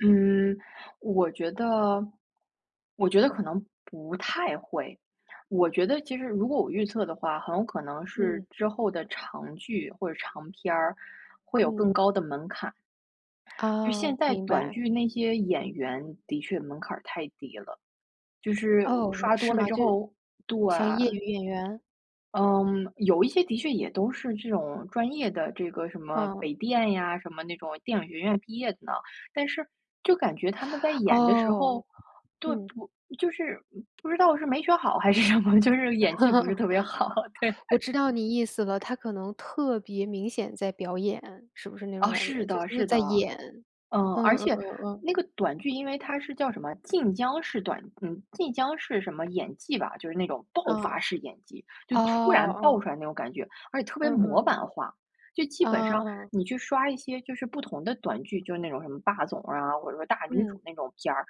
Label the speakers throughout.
Speaker 1: 嗯，我觉得我觉得可能不太会。我觉得其实如果我预测的话，很有可能是
Speaker 2: 嗯。
Speaker 1: 之后的长剧或者是长片儿会有
Speaker 2: 嗯。
Speaker 1: 更高的门槛。就现
Speaker 2: 哦，
Speaker 1: 在
Speaker 2: 明
Speaker 1: 短
Speaker 2: 白。
Speaker 1: 剧那些演员的确门槛儿太低了。就是我
Speaker 2: 哦，
Speaker 1: 刷多
Speaker 2: 是
Speaker 1: 了
Speaker 2: 吗？
Speaker 1: 之
Speaker 2: 就
Speaker 1: 后对。
Speaker 2: 像业余演员。
Speaker 1: 嗯，有一些的确也都是这种专业的，这个什么
Speaker 2: 嗯。
Speaker 1: 北电呀，什么那种电影学院毕业的呢。但是就感觉他们在演的时
Speaker 2: 哦，
Speaker 1: 候，对
Speaker 2: 嗯。
Speaker 1: 不就是，嗯，不知道是没学好还是什么，就是演技不是 特别好，对。
Speaker 2: 我知道你意思了，他可能特别明显在表演，是不是那种
Speaker 1: 哦，
Speaker 2: 感
Speaker 1: 是
Speaker 2: 觉，就
Speaker 1: 的
Speaker 2: 是
Speaker 1: 是的，
Speaker 2: 在演，
Speaker 1: 嗯。
Speaker 2: 嗯
Speaker 1: 而
Speaker 2: 嗯嗯
Speaker 1: 且
Speaker 2: 嗯，
Speaker 1: 那个短剧因为它是叫什么晋江式短嗯，晋江式什么演技吧，就是那种爆发
Speaker 2: 嗯。
Speaker 1: 式演技。就
Speaker 2: 哦
Speaker 1: 突然爆
Speaker 2: 哦。
Speaker 1: 出来那种感觉，而且特别
Speaker 2: 嗯
Speaker 1: 模
Speaker 2: 嗯。
Speaker 1: 版化。就基本
Speaker 2: 嗯
Speaker 1: 上
Speaker 2: 嗯。
Speaker 1: 你去刷一些就是不同的短剧，就是那种什么霸总啊，或者说大女
Speaker 2: 嗯。
Speaker 1: 主那种片儿，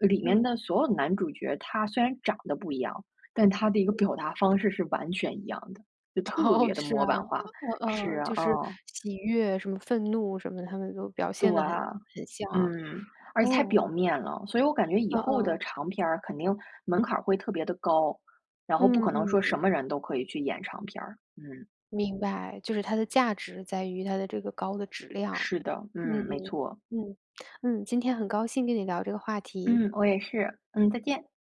Speaker 1: 呃，里面
Speaker 2: 嗯。
Speaker 1: 的所有的男主角，他虽然长得不一样，但他的一个表
Speaker 2: 对。
Speaker 1: 达方式是完全一样的。就特
Speaker 2: 哦，
Speaker 1: 别地
Speaker 2: 是
Speaker 1: 模
Speaker 2: 啊。
Speaker 1: 板化。
Speaker 2: 哦
Speaker 1: 是，
Speaker 2: 哦，就是
Speaker 1: 嗯。
Speaker 2: 喜悦什么、愤怒什么，他们都表
Speaker 1: 对，
Speaker 2: 现得很很像啊，
Speaker 1: 嗯。而且太
Speaker 2: 哦。
Speaker 1: 表面了。所以我感觉以
Speaker 2: 嗯
Speaker 1: 后的
Speaker 2: 嗯。
Speaker 1: 长片儿肯定门槛儿会特别地高，然后不
Speaker 2: 嗯
Speaker 1: 可能说
Speaker 2: 嗯。
Speaker 1: 什么人都可以去演长片儿，嗯。
Speaker 2: 明白，就是它的价值在于它的这个高的质量。
Speaker 1: 是的，
Speaker 2: 嗯
Speaker 1: 嗯，没错。
Speaker 2: 嗯嗯。今天很高兴跟你聊这个话题。
Speaker 1: 嗯，我也是，嗯，再见。